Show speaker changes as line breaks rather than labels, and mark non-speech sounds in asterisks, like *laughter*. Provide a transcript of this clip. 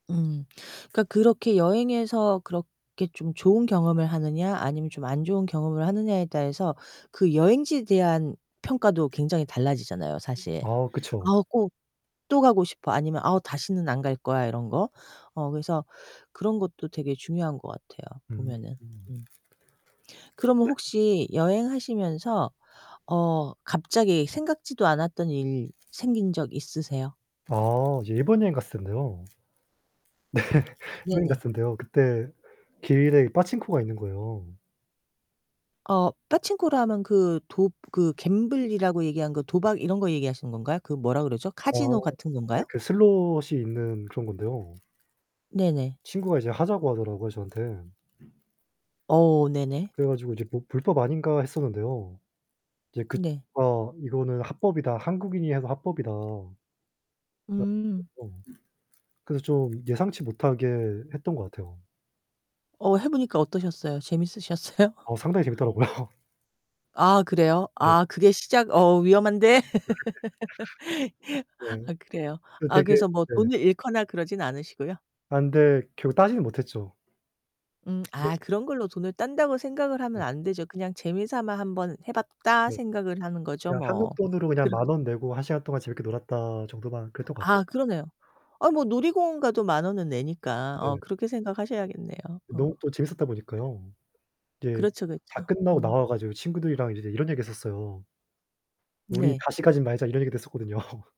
음 그니까 그렇게 여행에서 그렇게 좀 좋은 경험을 하느냐 아니면 좀 안좋은 경험을 하느냐에 따라서 그 여행지에 대한 평가도 굉장히 달라지잖아요
*unintelligible*
사실.
아 그쵸.
아우 꼭 또 가고 싶어 아니면 아우 다시는 안갈거야 이런거. 어 그래서 그런 것도 되게 중요한거 같아요.
음.
보면은. 음. 그러면
네.
혹시 여행하시면서 어 갑자기 생각지도 않았던 일 생긴 적 있으세요?
아 이제 일본 여행 갔을 땐데요. 네. 여행 갔을
네네.
땐데요. 그때 길 위에 파친코가 있는거에요.
어 빠칭코라 하면 그 도 그 갬블이라고 얘기하는거 도박 이런거 얘기하시는 건가요? 그 뭐라 그러죠?
아
카지노 같은건가요?
네 그 슬롯이 있는 그런 건데요.
네네.
친구가 이제 하자고 하더라고요 저한테.
어 네네.
그래 가지고 이제 뭐 불법 아닌가 했었는데요. 이제 그
네.
친구가 "아 이거는 합법이다. 한국인이 해서 합법이다."
음.
*unintelligible* 그래서 좀 예상치 못하게 했던 것 같아요.
어 해보니까 어떠셨어요? 재밌으셨어요?
아 상당히 재밌더라고요.
아 그래요?
네.
아 그게 시작 어 위험한데.
*laughs*
*laughs*
네.
아 그래요.
그
아
되게
그래서 뭐
네.
돈을 잃거나 그러진 않으시고요?
아 근데 결국 따지는 못했죠.
음
네.
아 그런 걸로 돈을 딴다고 생각을 하면
네.
안 되죠. 그냥 재미삼아 1 번 해봤다
네.
생각을 하는 거죠
그냥 한국
뭐.
돈으로 그냥
그렇
10,000 원내고 1 시간 동안 재밌게 놀았다 정도만 그랬던 것 같아요.
아 그러네요. 아 뭐 놀이공원 가도 10,000 원은 내니까. 어
네.
그렇게 생각하셔야겠네요. 어.
너무 또 재밌었다 보니까요. 이제
그렇죠.
다
그쵸.
끝나고
음.
나와가지고 친구들이랑 이제 이런 얘기를 했었어요. "우리
네.
다시 가진 말자." 이런 얘기도 했었거든요.